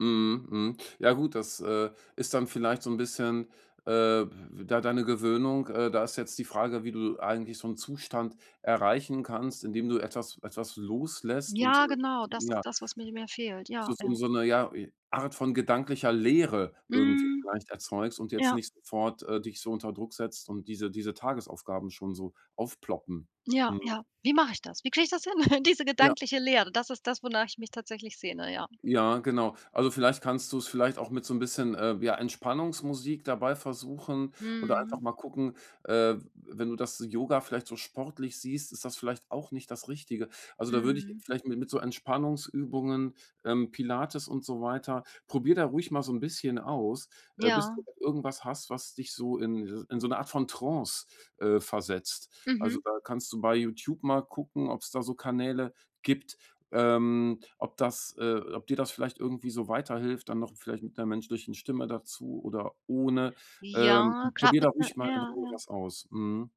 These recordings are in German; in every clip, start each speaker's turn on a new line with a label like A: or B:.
A: Mhm, mhm. Ja, gut, das, äh, ist dann vielleicht so 'n bisschen, äh, w w da deine Gewöhnung. Äh, da ist jetzt die Frage, wie du eigentlich so 'n Zustand erreichen kannst, indem du etwas etwas loslässt und
B: Ja,
A: [unintelligible]
B: genau, das ist
A: ja.
B: das, was mir mir mehr fehlt,
A: So
B: ja,
A: so 'n
B: ja.
A: so 'ne ja, i Art von gedanklicher Leere irgendwie
B: Mhm.
A: vielleicht erzeugst und jetzt
B: Ja.
A: nicht sofort, äh, dich so unter Druck setzt und diese diese Tagesaufgaben schon so aufploppen.
B: Ja,
A: Mhm.
B: ja. Wie mache ich das? Wie kriege ich das hin, diese
A: Ja.
B: gedankliche Leere? Das ist das, wonach ich mich tatsächlich sehne, ja.
A: Ja, genau. Also vielleicht kannst du's vielleicht auch mit so 'n bisschen, äh, ja, Entspannungsmusik dabei versuchen oder einfach
B: Mhm.
A: mal gucken, äh, w wenn du das Yoga vielleicht so sportlich siehst, ist das vielleicht auch nicht das Richtige. Also, da würde ich
B: Mhm.
A: vielleicht mit mit so Entspannungsübungen, ähm, Pilates und so weiter, probier da ruhig mal so 'n bisschen aus, äh, bis
B: Ja.
A: du irgendwas hast, was dich so in dieses in so 'ne Art von Trance, äh, versetzt. Also,
B: Mhm.
A: da kannst du bei YouTube mal gucken, ob's da so Kanäle gibt, ähm, ob das äh, ob dir das vielleicht irgendwie so weiterhilft, dann noch vielleicht mit 'ner menschlichen Stimme dazu oder ohne. Ähm,
B: Ja, grad
A: probier da
B: mit 'ne
A: ruhig mal in
B: ja,
A: Ruhe
B: ja.
A: was aus. Mhm.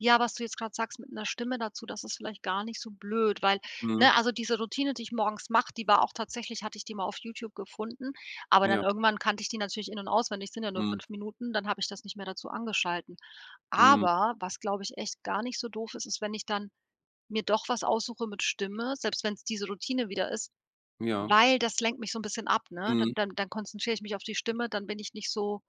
B: Ja, was du jetzt grad sagst mit 'ner Stimme dazu, das ist vielleicht gar nicht so blöd, weil ne,
A: Mhm.
B: also diese Routine, die ich morgens mache, die war auch tatsächlich hatte ich die mal auf YouTube gefunden, aber dann
A: Ja.
B: irgendwann kannte ich die natürlich in und auswendig, sind ja nur
A: Mhm.
B: 5 Minuten, dann habe ich das nicht mehr dazu angeschaltet.
A: Mhm.
B: Aber, was, glaube ich, echt gar nicht so doof ist, ist, wenn ich dann mir doch was aussuchen mit Stimme, selbst wenn's diese Routine wieder ist,
A: Ja.
B: weil das lenkt mich so 'n bisschen ab, ne? Dann
A: Mhm.
B: dann dann konzentriere ich mich auf die Stimme, dann bin ich nicht so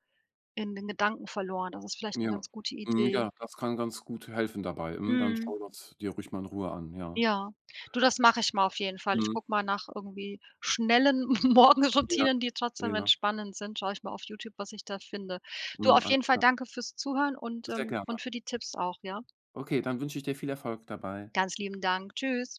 B: in den Gedanken verloren. Das ist vielleicht 'ne
A: Ja,
B: ganz gute
A: mhm,
B: Idee.
A: ja, das kann ganz gut helfen dabei. Mhm, dann
B: Mhm.
A: schau das dir ruhig mal in Ruhe an, ja.
B: Ja. Du, das mache ich mal auf jeden Fall. Ich
A: Mhm.
B: gucke mal nach irgendwie schnellen
A: Ja,
B: Morgenroutinen, die
A: äh,
B: trotzdem
A: ja.
B: entspannend sind, schaue ich mal auf YouTube, was ich da finde. Du,
A: Mhm.
B: auf
A: Alles
B: jeden Fall
A: klar.
B: danke fürs Zuhören und
A: Sehr
B: ähm,
A: gerne.
B: und für die Tipps auch, ja?
A: Okay, dann wünsche ich dir viel Erfolg dabei.
B: Ganz lieben Dank, tschüss.